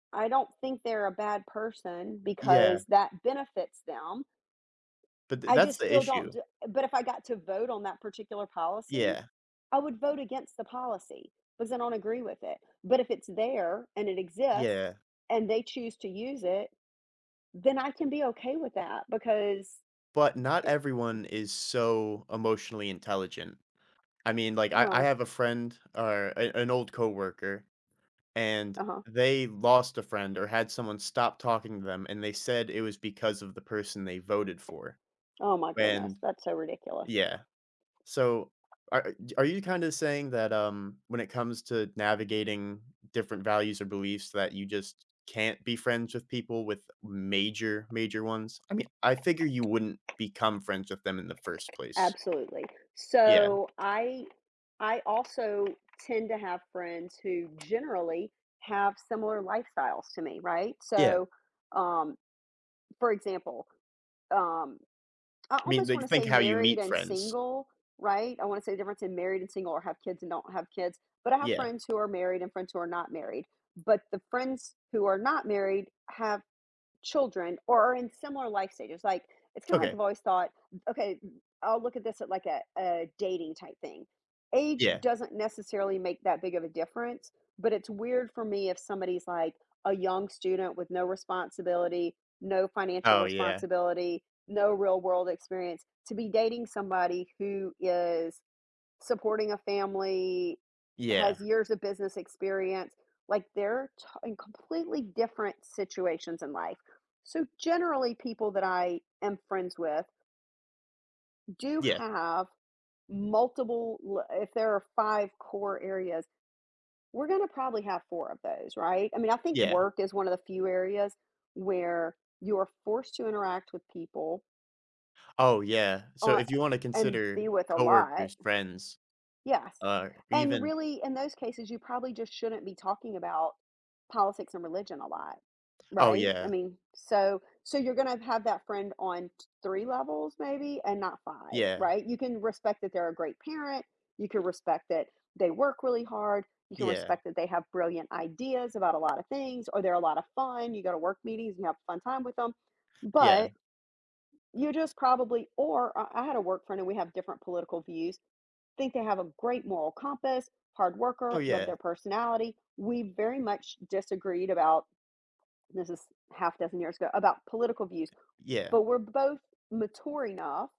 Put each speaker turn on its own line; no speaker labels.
I don't think they're a bad person
Yeah.
because that benefits them.
But th
I
that's
just
the
still don't
issue.
d but if I got to vote on that particular policy,
Yeah.
I would vote against the policy because I don't agree with it. But if it's there and it exists
Yeah.
and they choose to use it, then I can be okay with that because,
But not
it
everyone is so emotionally intelligent. I mean, like, I I
Well
have a friend or an an old coworker, and
Uh-huh.
they lost a friend or had someone stop talking to them. And they said it was because of the person they voted for.
Oh my goodness.
And
That's so ridiculous.
yeah. So, a are you kinda saying that, um, when it comes to navigating different values or beliefs that you just can't be friends with people with major, major ones? I mean, I figure you wouldn't become friends with them in the first place.
Absolutely.
Yeah.
So, I I also tend to have friends who generally have similar lifestyles to me, right?
Yeah.
So, um, for example, um, I
Mean,
almost want
like,
to
think
say
how you
married
meet
and
friends.
single, right? I want to say the difference in married and single or have kids and don't have kids. But I have
Yeah.
friends who are married and friends who are not married, but the friends who are not married have children or are in similar life stages, like, it's kinda, like,
Okay.
I've always thought, okay, I'll look at this at like a a dating type thing. Age
Yeah.
doesn't necessarily make that big of a difference, but it's weird for me if somebody is, like, a young student with no responsibility, no financial
Oh, yeah.
responsibility, no real-world experience to be dating somebody who is supporting a family,
Yeah.
has years of business experience. Like they're to in completely different situations in life. So generally people that I am friends with do
Yeah.
have multiple, lo if there are 5 core areas, we're going to probably have 4 of those, right? I mean, I think
Yeah.
work is one of the few areas where you are forced to interact with people
Oh, yeah. So
uh,
if you wanna
and be
consider
with a lot.
coworkers, friends,
Yes,
uh,
and
even
really in those cases, you probably just shouldn't be talking about politics and religion a lot,
Oh,
right? I
yeah.
mean, so, so you're going to have that friend on t 3 levels maybe and not 5,
Yeah.
right? You can respect that they're a great parent. You can respect that they work really hard. You can
Yeah.
respect that they have brilliant ideas about a lot of things, or they're a lot of fun. You go to work meetings and have a fun time with them,
Yeah.
but you just probably, or I I had a work friend and we have different political views, think they have a great moral compass, hard
Oh,
worker, love
yeah.
their personality. We very much disagreed about this is half a dozen years ago about political views,
Yeah.
but we're both mature enough